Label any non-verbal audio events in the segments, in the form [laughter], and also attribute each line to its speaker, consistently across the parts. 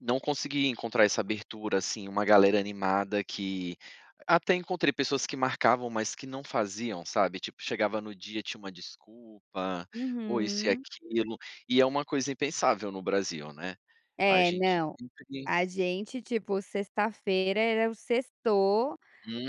Speaker 1: Não consegui encontrar essa abertura assim, uma galera animada que até encontrei pessoas que marcavam, mas que não faziam sabe tipo chegava no dia tinha uma desculpa, ou isso e
Speaker 2: Uhum.
Speaker 1: aquilo, e é uma coisa impensável no Brasil, né. A
Speaker 2: É
Speaker 1: gente
Speaker 2: não,
Speaker 1: sempre pens
Speaker 2: a gente tipo sexta-feira era o sextou,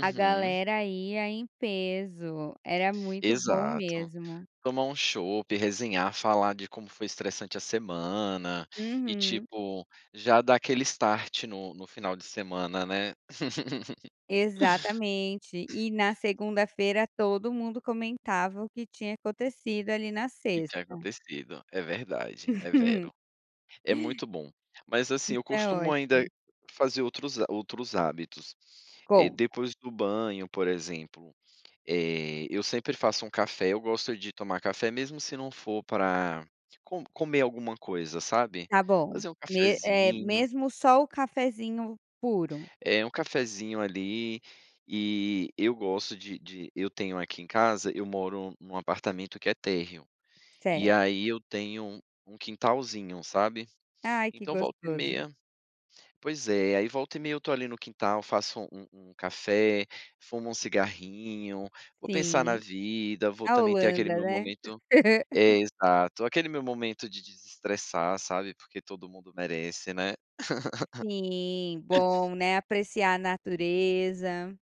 Speaker 2: a galera ia em peso, era muito bom
Speaker 1: Exato.
Speaker 2: mesmo.
Speaker 1: Tomar um chopp, resenhar, falar de como foi estressante a semana, e
Speaker 2: Uhum.
Speaker 1: tipo, já dar aquele start no no final de semana, né. [laughs]
Speaker 2: Exatamente, e na segunda-feira todo mundo comentava o que tinha acontecido ali na
Speaker 1: Que tinha
Speaker 2: sexta.
Speaker 1: acontecido, é verdade, é vero. É
Speaker 2: [laughs]
Speaker 1: muito bom. Mas assim,
Speaker 2: Isso
Speaker 1: eu
Speaker 2: é
Speaker 1: costumo ainda
Speaker 2: ótimo.
Speaker 1: fazer outros ha outros hábitos, eh,
Speaker 2: Conta.
Speaker 1: depois do banho por exemplo, eh, eu sempre faço um café, eu gosto de tomar café mesmo se não for pra co comer alguma coisa, sabe?
Speaker 2: Tá bom,
Speaker 1: Fazer um
Speaker 2: me eh,
Speaker 1: cafezinho.
Speaker 2: mesmo só o cafezinho puro?
Speaker 1: É um cafezinho ali, e eu gosto de de eu tenho aqui em casa, eu moro em um apartamento que é térreo, E
Speaker 2: Certo.
Speaker 1: aí eu tenho um quintalzinho, sabe?
Speaker 2: Ai que
Speaker 1: Então volta e
Speaker 2: gostoso.
Speaker 1: meia pois é, aí volta e meia eu estou ali no quintal, faço um um café, fumo um cigarrinho, vou pensar na
Speaker 2: Sim,
Speaker 1: vida, vou
Speaker 2: a
Speaker 1: também ter aquele
Speaker 2: Holanda,
Speaker 1: meu
Speaker 2: né.
Speaker 1: momento é exato, aquele meu momento de desestressar, sabe, porque todo mundo merece, né.
Speaker 2: Sim,
Speaker 1: [laughs]
Speaker 2: bom, né, apreciar a natureza.